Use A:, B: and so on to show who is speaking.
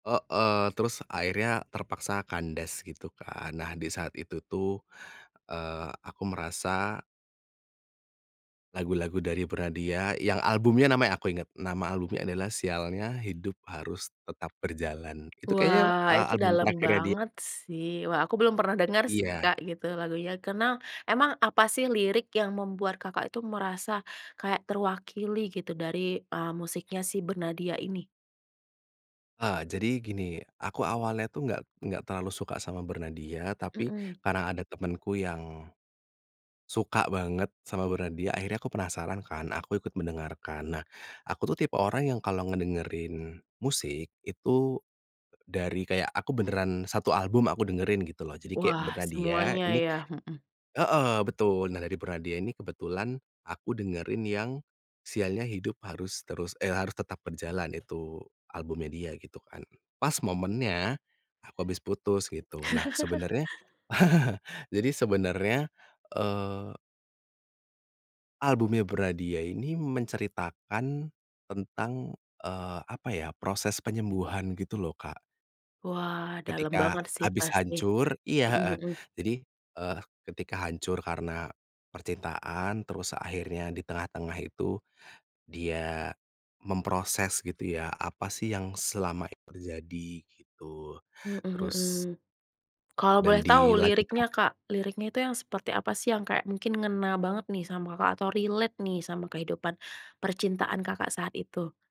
A: Heeh. Terus akhirnya terpaksa kandas gitu kan. Nah, di saat itu tuh, eee, aku merasa lagu-lagu dari Bernadya yang albumnya namanya aku inget. Nama albumnya adalah Sialnya Hidup Harus Tetap Berjalan. Itu kayaknya,
B: Wah
A: eee
B: itu
A: album
B: dalem
A: terakhirnya dia.
B: banget sih, wah aku belum pernah denger sih,
A: Iya.
B: Kak, gitu, lagunya, karena emang apa sih lirik yang membuat, Kakak, itu merasa kayak terwakili gitu dari, eee, musiknya si Bernadya ini?
A: Eee, jadi gini, aku awalnya tuh nggak nggak terlalu suka sama Bernadya, tapi
B: Mhm.
A: karena ada temenku yang, suka banget sama Bernadya, akhirnya aku penasaran kan. Aku ikut mendengarkan. Nah, aku tuh tipe orang yang kalau ngedengerin musik, itu dari kayak aku beneran satu album aku dengerin gitu loh, jadi kayak
B: Wah,
A: Bernadya,
B: semuanya
A: ini
B: ya, mhm.
A: heeh, betul. Nah dari Bernadya ini kebetulan aku dengerin yang Sialnya Hidup Harus Terus eh Harus Tetap Berjalan, itu albumnya dia gitu kan. Pas momennya, aku habis putus, gitu. Nah sebenarnya, jadi sebenarnya, eee albumnya Bernadya ini menceritakan tentang, eee, apa ya proses penyembuhan gitu loh, Kak.
B: Wah, dalam
A: Ketika
B: banget sih
A: habis
B: pasti.
A: hancur iya,
B: Mhm
A: heeh.
B: mhm.
A: Jadi, eee, ketika hancur karena percintaan, terus akhirnya di tengah-tengah itu, dia memproses gitu ya, apa sih yang selama ini terjadi, gitu.
B: Mhm mhm.
A: Terus
B: Kalau boleh
A: dan
B: tau
A: di lagu
B: liriknya,
A: terak
B: Kak, liriknya itu yang seperti apa sih yang kayak mungkin ngena banget nih sama, Kakak, atau relate nih sama kehidupan percintaan, Kakak, saat itu?